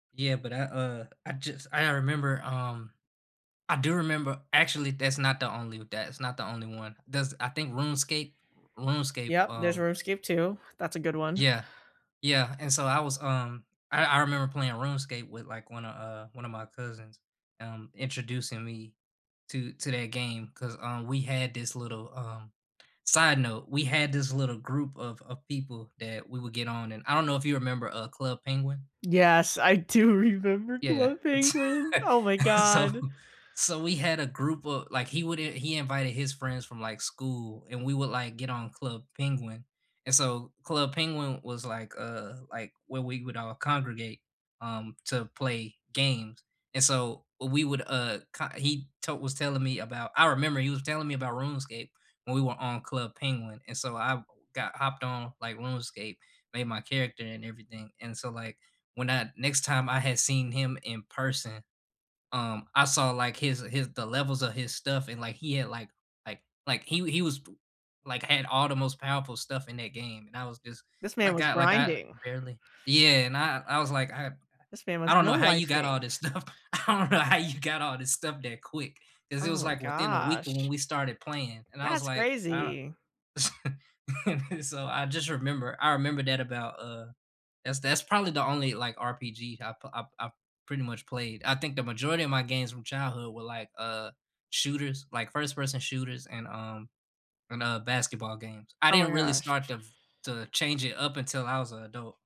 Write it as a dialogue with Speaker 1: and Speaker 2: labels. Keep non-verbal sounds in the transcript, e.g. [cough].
Speaker 1: Yeah, but I, uh I just I remember, um I do remember actually, that's not the only that it's not the only one, there's, I think, RuneScape RuneScape,
Speaker 2: Yeah, there's
Speaker 1: um
Speaker 2: Runescape 2, that's a good one.
Speaker 1: Yeah. Yeah, and so I was, um I I remember playing RuneScape with, like, one a, uh one of my cousins, um, introducing me to to that game 'cause, uh, we had this little, um side note, we had this little group of of people that we would get on and I don't know if you remember, uh, Club Penguin?
Speaker 2: Yes, I do remember
Speaker 1: Yeah,
Speaker 2: Club Penguin, oh, my
Speaker 1: [laughs] so
Speaker 2: god.
Speaker 1: so we had a group of like, he would i he invited his friends from, like, school, and we would, like, get on Club Penguin, and so Club Penguin was, like, uh like, where we would all congregate, um, to play games, and so we would, uh, ki he to was telling me about I remember he was telling me about Runescape when we were on Club Penguin and so I got hopped on, like, RuneScape, made my character and everything, and so, like, when I next time I had seen him in person, um, I saw, like, his his the levels of his stuff and, like, he had, like like like he he was t like, had all the most powerful stuff in that game and I was just
Speaker 2: This man
Speaker 1: like
Speaker 2: was
Speaker 1: I like I
Speaker 2: grinding.
Speaker 1: barely Yeah, and I I was, like, I
Speaker 2: This man
Speaker 1: I
Speaker 2: was
Speaker 1: don't
Speaker 2: no
Speaker 1: know how you got
Speaker 2: lifing.
Speaker 1: all this stuff I don't know how you got all this stuff that quick, ‘cause it
Speaker 2: Oh,
Speaker 1: was,
Speaker 2: my
Speaker 1: like, within a week when
Speaker 2: gosh.
Speaker 1: we started playing and I was,
Speaker 2: That's
Speaker 1: like, I o
Speaker 2: crazy.
Speaker 1: s [laughs] so, I just remember I remember that about, uh that's that's probably the only, like, RPG I've p I've I've pretty much played, I think the majority of my games from childhood were, like, uh, shooters like, first-person shooters and, um and, uh, basketball games, I
Speaker 2: Oh, my
Speaker 1: didn't really start
Speaker 2: gosh.
Speaker 1: to v to change it up until I was an adult.